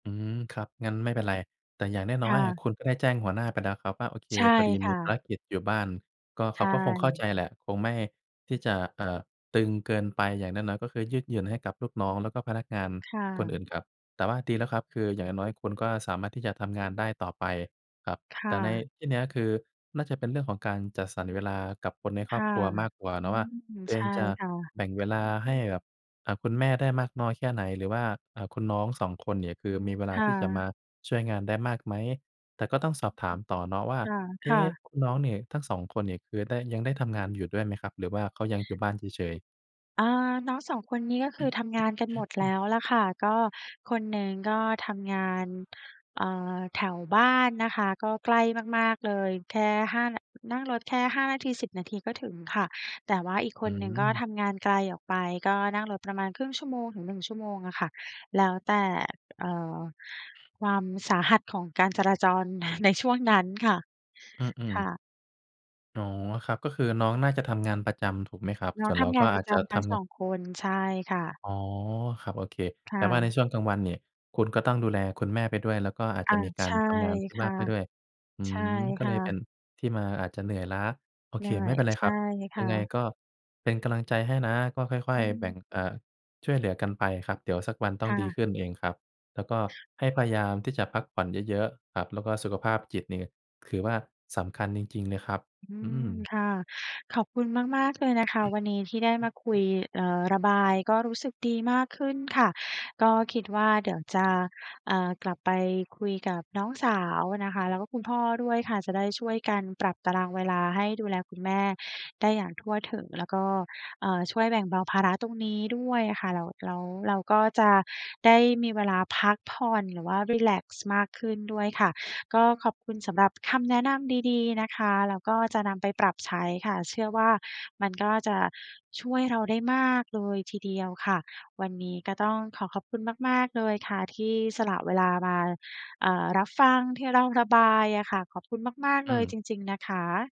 อืม ครับ งั้นไม่เป็นไร แต่อย่างนค้อ่ย ๆ อะะ คุณได้แจ้งหัวหน้าไปแล้วครับว่า โอเค ใช่พอดีคมี่ภาะ รกิจอยู่บ้าน ก็เใขชาก็คงเข้าใจ่ แหละ คงไม่ที่จะ เอ่อ ตึงเกินไป อย่างน้อย ๆ ก็คือยืดหยุ่นให้กับลูกน้อง แล้วก็พนักงานค่คนอื่ะ นครับ แต่ว่าดีแล้วครับ คืออย่างน้อย ๆ คุณก็สามารถที่จะทำงานได้ต่อไปครับ คแ่ต่ในะ ที่เนี้ย คือน่าจะเป็นเรื่องของการจัดสรรเวลา กับคนในคครอบ่ะ ครัวมากกว่าเอนืาะว่า ม ตัวเใอชง่จะค่ะ แบ่งเวลาให้กับ อ่า คุณแม่ได้มากน้อยแค่ไหน หรือว่า อ่า คุณน้อง 2 คนเนี่ย คือมีเวลาค่ที่จะมะ าช่วยงานได้มากไหม? แต่ก็ต้องสอบถามต่อเนาะว่า เอค๊่ะ ะ ๆ คุณน้องเนี่ย ทั้ง 2 คนเนี่ย คือได้ ยังได้ทำงานอยู่ด้วยไหมครับ? หรือว่าเขายังอยู่บ้านเฉย ๆ? อ่า น้อง 2 คนนี้ ก็คือทำงานกันหมดแล้วแหละค่ะ ก็คนหนึ่งก็ทำงาน เอ่อ แถวบ้านนะคะ ก็ใกล้มาก ๆ เลย แค่ 5 น นั่งรถแค่ 5 นาที 10 นาทีก็ถึงค่ะ แต่ว่าอีกคอืนหนึ่งก็ม ทำงานไกลออกไป ก็นั่งรถประมาณ 0.5 ชั่วโมงถึง 1 ชั่วโมงอะค่ะ แล้วแต่ เอ่อ ความสาหัสของการจราจร ในช่วงนั้นค่ะ อือ คๆ ่ะ อ๋อ ครับ ก็คือน้องน่าจะทำงานประจำ ถูกไหมครับ? น้อสง่วนทเราำงกา็นปอราะจจจะำททั้ง ำ สอง ง คน ใช่ค่ะ อ๋อ ครับ โอเค ค่แต่ว่าในะ ช่วงกลางวันเนี่ย คุณก็ต้องดูแลคุณแม่ไปด้วย แล้วก็อาจอจะ ะมีกใาชร่ทำงานที่คบ้า่ะ นไปด้วย อืใช่ม ก็คเ่ลยเป็ะ นที่มาอาจจะเหนื่อยล้า โอเไค ด้ ไม่เป็นไรใชค่รับ คย่ังไงะ ก็เป็นกำลังใจให้นะ ก็ค่ออืย ม ๆ แบ่ง อ เอ่อ ช่วยเหลือกันไปครับ เดี๋ยวสักวันต้อคง่ดีะ ขึ้นเองครับ แล้วก็ให้พยายามที่จะพักผ่อนเยอะ ๆ ครับ แล้วก็สุขภาพจิตเนี่ย ถือว่าสำคัญจริง ๆ เลยครับ อือืม ม ค่ะ ขอบคุณมาก ๆ เลยนะคะ วันนี้ที่ได้มาคุย เอ่อ ระบาย ก็รู้สึกดีมากขึ้นค่ะ ก็คิดว่า เดี๋ยวจะ อ่า กลับไปคุยกับน้องสาวนะคะ แล้วก็คุณพ่อด้วยค่ะ จะได้ช่วยกันปรับตารางเวลา ให้ดูแลคุณแม่ได้อย่างทั่วถึง แล้วก็ อ่า ช่วยแบ่งเบาภาระตรงนี้ด้วยอะค่ะ แล้ว แล้วเราก็จะได้มีเวลาพักผ่อน หรือว่ารีแลกซ์มากขึ้นด้วยค่ะ ก็ขอบคุณสำหรับคำแนะนำดี ๆ นะคะ แล้วก็จะนำไปปรับใช้ค่ะ เชื่อว่า มันก็จะช่วยเราได้มากเลยทีเดียวค่ะ วันนี้ก็ต้องขอขอบคุณมาก ๆ เลยค่ะ ที่สละเวลามา เอ่อ รับฟังที่เราระบายอะค่ะ ขอบคุณมาก อๆ เลืยม จริง ๆ นะคะ